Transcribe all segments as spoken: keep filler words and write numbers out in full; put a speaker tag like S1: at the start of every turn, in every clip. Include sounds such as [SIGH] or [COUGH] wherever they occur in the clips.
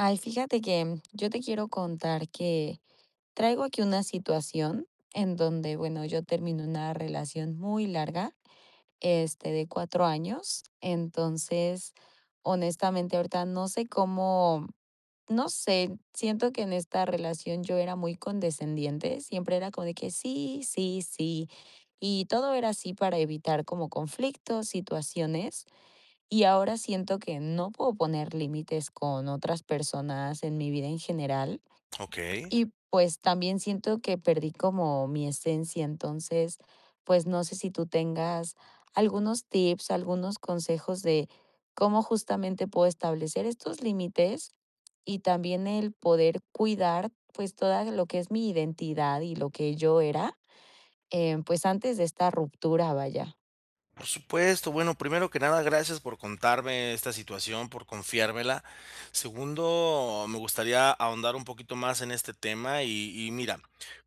S1: Ay, fíjate que yo te quiero contar que traigo aquí una situación en donde, bueno, yo termino una relación muy larga, este, de cuatro años. Entonces, honestamente, ahorita no sé cómo. no sé, siento que en esta relación yo era muy condescendiente. Siempre era como de que sí, sí, sí, y todo era así para evitar como conflictos, situaciones y ahora siento que no puedo poner límites con otras personas en mi vida en general
S2: Okey.
S1: y, pues, también siento que perdí como mi esencia. Entonces, pues, no sé si tú tengas algunos tips, algunos consejos de cómo justamente puedo establecer estos límites y también el poder cuidar, pues, toda lo que es mi identidad y lo que yo era, eh, pues, antes de esta ruptura, vaya.
S2: Por supuesto, bueno, primero que nada, gracias por contarme esta situación, por confiármela, segundo, me gustaría ahondar un poquito más en este tema y y mira,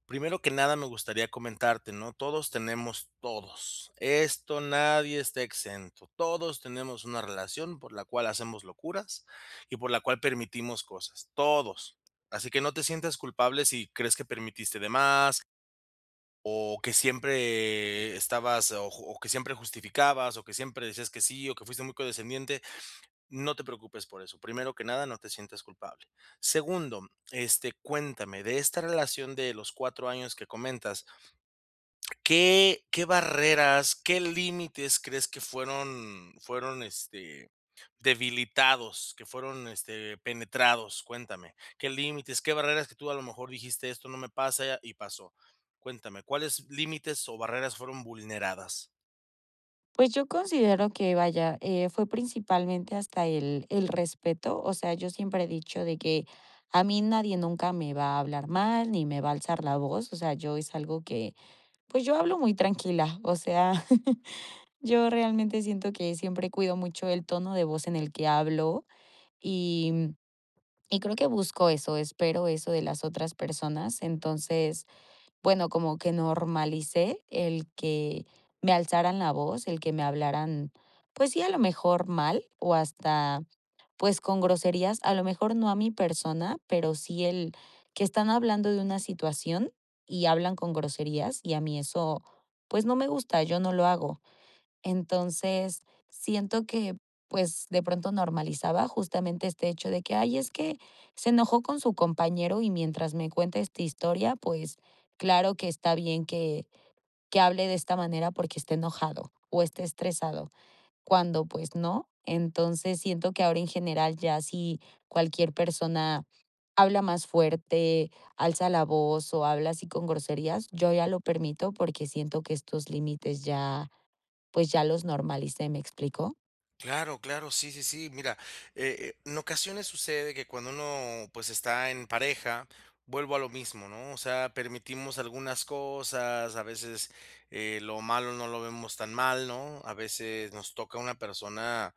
S2: primero que nada me gustaría comentarte, ¿no? Todos tenemos todos. Esto, nadie está exento. Todos tenemos una relación por la cual hacemos locuras y por la cual permitimos cosas, todos. Así que no te sientas culpable si crees que permitiste de más. O que siempre estabas o o que siempre justificabas o que siempre decías que sí o que fuiste muy condescendiente, no te preocupes por eso. Primero que nada, no te sientes culpable. Segundo, este, cuéntame de esta relación de los cuatro años que comentas ¿qué qué barreras, qué límites crees que fueron fueron, este, debilitados que fueron, este, penetrados? Cuéntame. ¿Qué límites? ¿Qué barreras que tú a lo mejor dijiste esto no me pasa y pasó? Cuéntame, ¿cuáles límites o barreras fueron vulneradas?
S1: Pues, yo considero que, vaya, eh, fue principalmente hasta el el respeto, o sea, yo siempre he dicho de que: "A mí, nadie, nunca, me va a hablar mal, ni me va a alzar la voz". O sea, yo, es algo que, pues, yo hablo muy tranquila, o sea, [CHUCKLES] yo realmente siento que siempre cuido mucho el tono de voz en el que hablo y, mm, y creo que busco eso, espero eso de las otras personas. Entonces, bueno, como que normalicé el que me alzaran la voz, el que me hablaran, pues, sí, a lo mejor mal o hasta, pues, con groserías, a lo mejor, no a mi persona, pero sí el que están hablando de una situación y hablan con groserías y a mí eso, pues, no me gusta, yo no lo hago. Entonces, siento que, pues, de pronto normalizaba, justamente este hecho de que: "Ay, es que se enojó con su compañero y mientras me cuenta esta historia, pues, claro que está bien que que hable de esta manera porque está enojado o está estresado", cuando, pues, ¿no? Entonces, siento que ahora, en general, ya si cualquier persona habla más fuerte, alza la voz o habla así, con groserías, yo ya lo permito porque siento que estos límites ya, pues, ya los normalicé, me explicó.
S2: Claro, claro, sí, sí, sí. Mira, eh, en ocasiones sucede que cuando uno, pues, está en pareja, vuelvo a lo mismo, ¿no?, o sea, permitimos algunas cosas, a veces, eh, lo malo no lo vemos tan mal, ¿no? A veces nos toca una persona,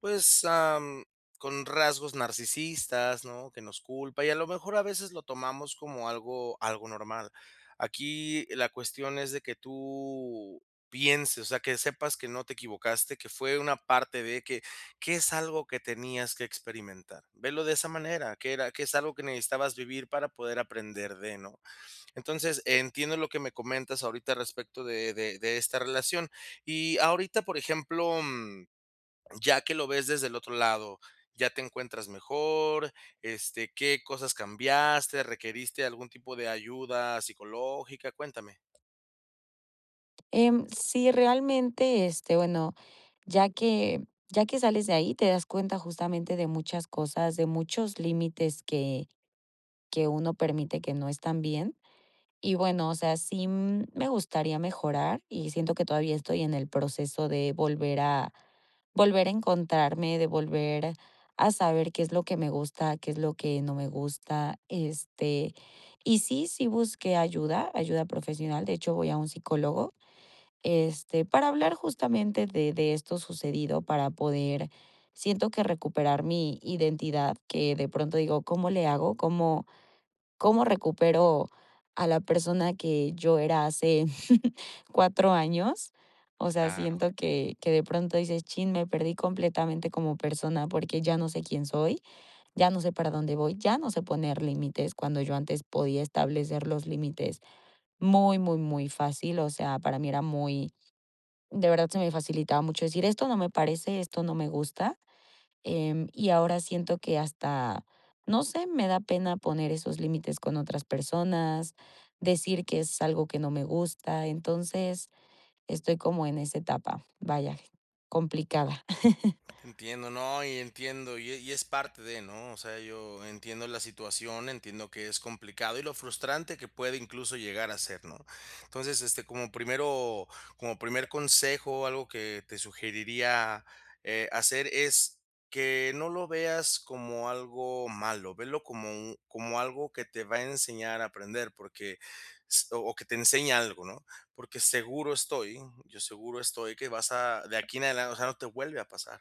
S2: pues, am, con rasgos narcisistas, ¿no?, que nos culpa, y a lo mejor, a veces, lo tomamos como algo algo normal. Aquí la cuestión es de que tú pienses, o sea, que sepas que no te equivocaste, que fue una parte de que que es algo que tenías que experimentar. Velo de esa manera, que era que es algo que necesitabas vivir para poder aprender de, ¿no? Entonces, entiendo lo que me comentas ahorita, al respecto de de de esta relación. Y, ahorita, por ejemplo, mm, ya que lo ves desde el otro lado, ¿ya te encuentras mejor, este, qué cosas cambiaste, requeriste algún tipo de ayuda psicológica? Cuéntame.
S1: Em, sí, realmente, este, bueno, ya que ya que sales de ahí, te das cuenta, justamente, de muchas cosas, de muchos límites que que uno permite que no están bien. Y bueno, o sea, sí, mm, me gustaría mejorar, y siento que todavía estoy en el proceso de volver a volver a encontrarme, de volver a saber qué es lo que me gusta, qué es lo que no me gusta. Este, y sí, sí busqué ayuda, ayuda profesional, de hecho, voy a un psicólogo, este, para hablar justamente de de esto sucedido, para poder, siento que, recuperar mi identidad que de pronto digo: "¿Cómo le hago? ¿Cómo cómo recupero a la persona que yo era hace [CHUCKLES] cuatro años?". O sea,
S2: Claro.
S1: siento que que de pronto dices: "Chin, me perdí completamente como persona, porque ya no sé quién soy, ya no sé para dónde voy, ya no sé poner límites", cuando yo antes podía establecer los límites muy, muy, muy fácil. O sea, para mí era muy de verdad se me facilitaba mucho decir: "Esto no me parece, esto no me gusta", em, y ahora siento que hasta, no sé, me da pena poner esos límites con otras personas, decir que es algo que no me gusta. Entonces, estoy como en esa etapa, vaya, complicada. [CHUCKLES]
S2: Te entiendo, no, y entiendo y y es parte de, ¿no? O sea, yo entiendo la situación, entiendo que es complicado, y lo frustrante que puede, incluso, llegar a ser, ¿no? Entonces, este, como primero como primer consejo, o algo que te sugeriría, eh, hacer es que no lo veas como algo malo, velo como u como algo que te va a enseñar a aprender, porque s o o que te enseñe algo, ¿no? Porque seguro estoy yo seguro estoy que vas a de aquí en adelan o sea, no te vuelve a pasar.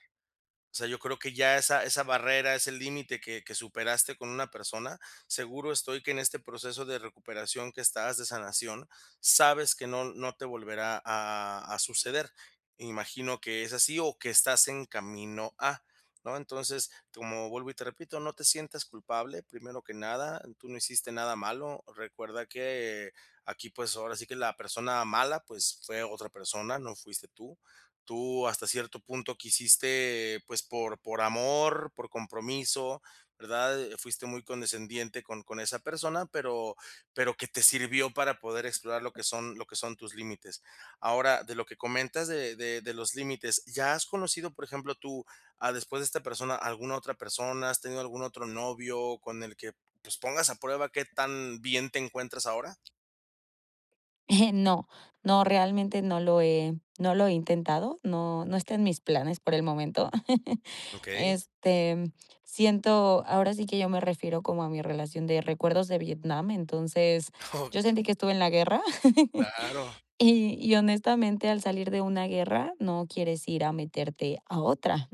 S2: O sea, yo creo que ya esa esa barrera, ese límite que que superaste con una persona, seguro estoy que en este proceso de recuperación que estás, de sanación, sabes que no no te volverá a a suceder, imagino que es así, o que estás en camino a, ¿no? Entonces, como vuelvo y te repito, no te sientas culpable, primero que nada, tú no hiciste nada malo. Recuerda que aquí, pues, ahora sí que la persona mala, pues, fue otra persona, no fuiste tú, tú hasta cierto punto quisiste, pues, por por amor, por compromiso, ¿verdad? Eh, fuiste muy condescendiente con con esa persona, pero pero que te sirvió para poder explorar lo que son lo que son tus límites. Ahora de lo que comentas de de de los límites, ¿ya has conocido, por ejemplo, tú, ah, después de esta persona, alguna otra persona? ¿Has tenido algún otro novio con el que, pues, pongas a prueba qué tan bien te encuentras ahora?
S1: [CHUCKLES] No, no, realmente no lo he no lo he intentado. No, no está en mis planes por el momento. [CHUCKLES]
S2: Okey.
S1: Este, siento ahora sí que yo me refiero como a mi relación de recuerdos de Vietnam. Entonces, yo sentí que
S2: [CHUCKLES]
S1: estuve en la guerra [CHUCKLES]
S2: Claro.
S1: y y honestamente, al salir de una guerra no quieres ir a meterte a otra.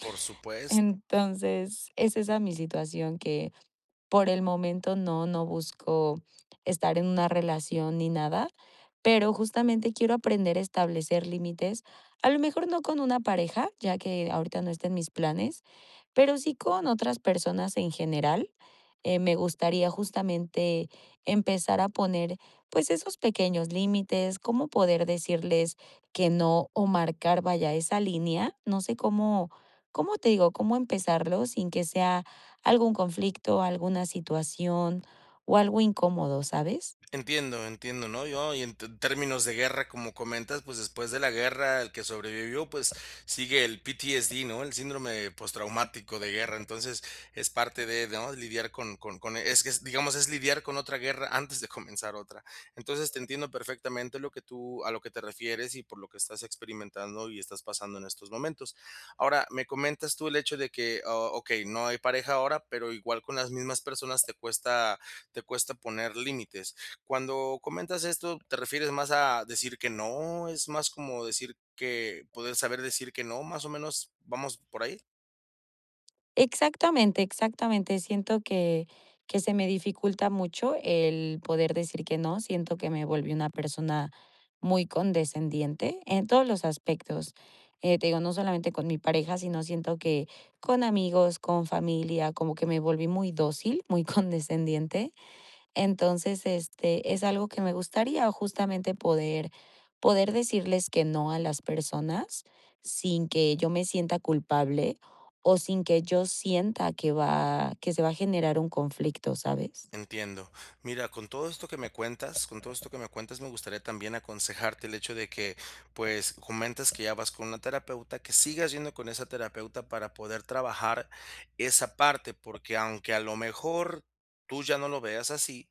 S2: Por supuesto.
S1: Entonces, es esa mi situación que por el momento no, no busco estar en una relación ni nada, pero justamente quiero aprender a establecer límites a lo mejor no con una pareja, ya que ahorita no estén mis planes, pero sí con otras personas en general, eh, me gustaría justamente empezar a poner, pues, esos pequeños límites cómo poder decirles que no o marcar vaya esa línea. No sé ¿cómo cómo te digo? cómo empezarlo sin que sea algún conflicto, alguna situación o algo incómodo, ¿sabes?
S2: Entiendo. Entiendo, ¿no?, yo y en t términos de guerra, como comentas, pues, después de la guerra el que sobrevivió, pues, sigue el PTSD, ¿no? el síndrome postraumático de guerra. Entonces es parte de, ¿no?, lidiar con con con es que digamos es lidiar con otra guerra antes de comenzar otra. Entonces, te entiendo perfectamente lo que tú a lo que te refieres y por lo lo que estás experimentando y estás pasando en estos momentos. Ahora me comentas tú el hecho de que ah, okey, no hay pareja ahora, pero igual con las mismas personas te cuesta te cuesta poner límites. Cuando comentas esto, ¿te refieres más a decir que no es más como decir que poder saber decir que no más o menos vamos por ahí?
S1: Exactamente, exactamente. Siento que que se me dificulta mucho el poder decir que no, siento que me volví una persona muy condescendiente en todos los aspectos, eh, te digo, no solamente con mi pareja, sino siento que con amigos, con familia, como que me volví muy dócil, muy condescendiente. Entonces, este, es algo que me gustaría justamente poder poder decirles que no a las personas sin que yo me sienta culpable o sin que yo sienta que va que se va a generar un conflicto, ¿sabes?
S2: Entiendo. Mira, con todo esto que me cuenta con todo esto que me cuentas, me gustaría también aconsejarte el hecho de que, pues, comentas que ya vas con una terapeuta, que sigas yendo con esa terapeuta para poder trabajar esa parte, porque aunque a lo mejor tú ya no lo veas así,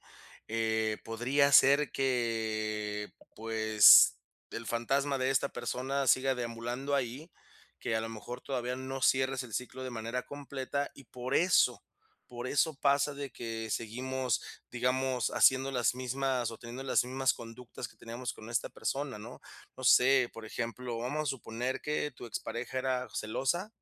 S2: eh, podría ser que, pues, el fantasma de esta persona siga deambulando ahí. Que a lo mejor todavía no cierres el ciclo de manera completa. Y por eso por eso pasa de que seguimos, digamos, haciendo las mismas o teniendo las mismas conductas que teníamos con esta persona, ¿no? No sé, por ejemplo, vamos a suponer que tu expareja era celosa.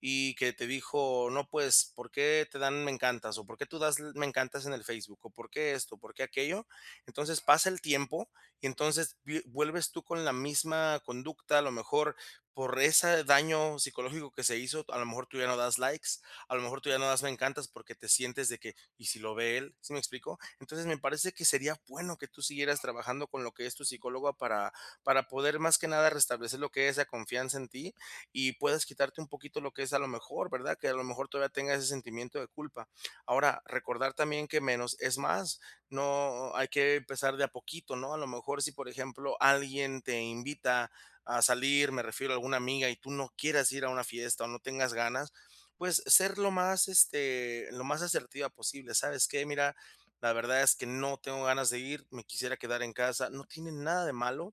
S2: Y que te dijo: "No, pues, ¿por qué te dan me encantas o por qué tú das l me encantas en el Facebook o por qué esto o por qué aquello?". Entonces pasa el tiempo y entonces vi vuelves tú con la misma conducta, a lo mejor por ese daño psicológico que se hizo. A lo mejor tú ya no das likes, a lo mejor tú ya no das me encantas porque te sientes de que: "¿Y si lo ve él?", ¿sí me explico? Entonces me parece que sería bueno que tú siguieras trabajando con lo que es tu psicóloga para para poder más que nada restablecer lo que es la confianza en ti y puedas quitarte un poquito lo que es, a lo mejor, ¿verdad?, que a lo mejor todavía tengas ese sentimiento de culpa. Ahora recordar también que menos es más, no hay que empezar de a poquito. ¿No?, a lo mejor si, por ejemplo, alguien te invita a salir. Me refiero a alguna amiga y tú no quieras ir a una fiesta o no tengas ganas, pues, ser lo más, este, lo más asertiva posible. "¿Sabes qué? Mira, la verdad es que no tengo ganas de ir. Me quisiera quedar en casa". No tiene nada de malo.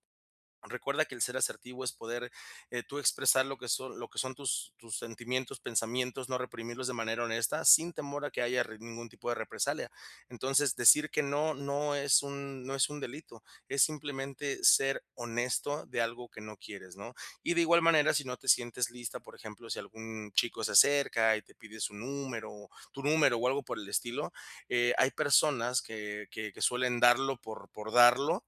S2: Recuerda que el ser asertivo es poder, eh, tú expresar lo que son lo que son tus tus sentimientos, pensamientos, no reprimirlos de manera honesta sin temor a que haya r ningún tipo de represalia. Entonces decir que no, no es un no es un delito. Es simplemente ser honesto de algo que no quieres, ¿no? Y de igual manera, si no te sientes lista, por ejemplo, si algún chico se cerca y te pide su número, tu número o algo por el estilo, eh, hay personas que que que suelen darlo por por darlo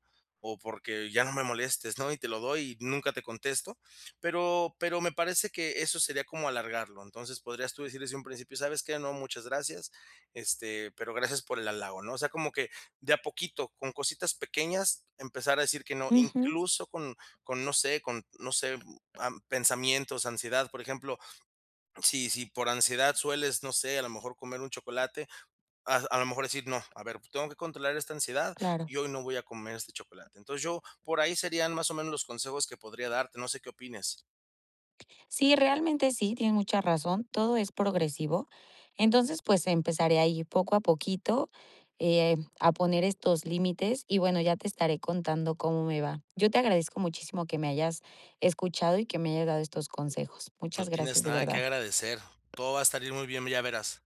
S2: o porque ya no me molestes, ¿no? Y te lo doy y nunca te contesto, pero pero me parece que eso sería como alargarlo. Entonces podrías tú decir desde un principio: "¿Sabes qué? No, muchas gracias, este, pero gracias por el halago", ¿no? O sea, como que de a poquito, con cositas pequeñas, empezar a decir que no,
S1: Ujú.
S2: incluso con con no sé con no sé, pensamientos, ansiedad, por ejemplo. Sí si por ansiedad sueles, no sé, a lo mejor comer un chocolate, a a lo mejor decir: "No, a ver, tengo que controlar esta ansiedad
S1: Claro.
S2: y hoy no voy a comer este chocolate". Entonces yo por ahí serían más o menos los consejos que podría darte. No sé qué opines.
S1: Sí, realmente sí. Tienes mucha razón. Todo es progresivo. Entonces, pues, empezaré a poco a poquito, eh, a poner estos límites y bueno, ya te estaré contando cómo me va. Yo te agradezco muchísimo que me hayas escuchado y que me hayas dado estos consejos.
S2: No
S1: Muchas gracias,
S2: tienes
S1: de
S2: nada que
S1: verdad.
S2: agradecer. Todo va a salir muy bien, ya verás.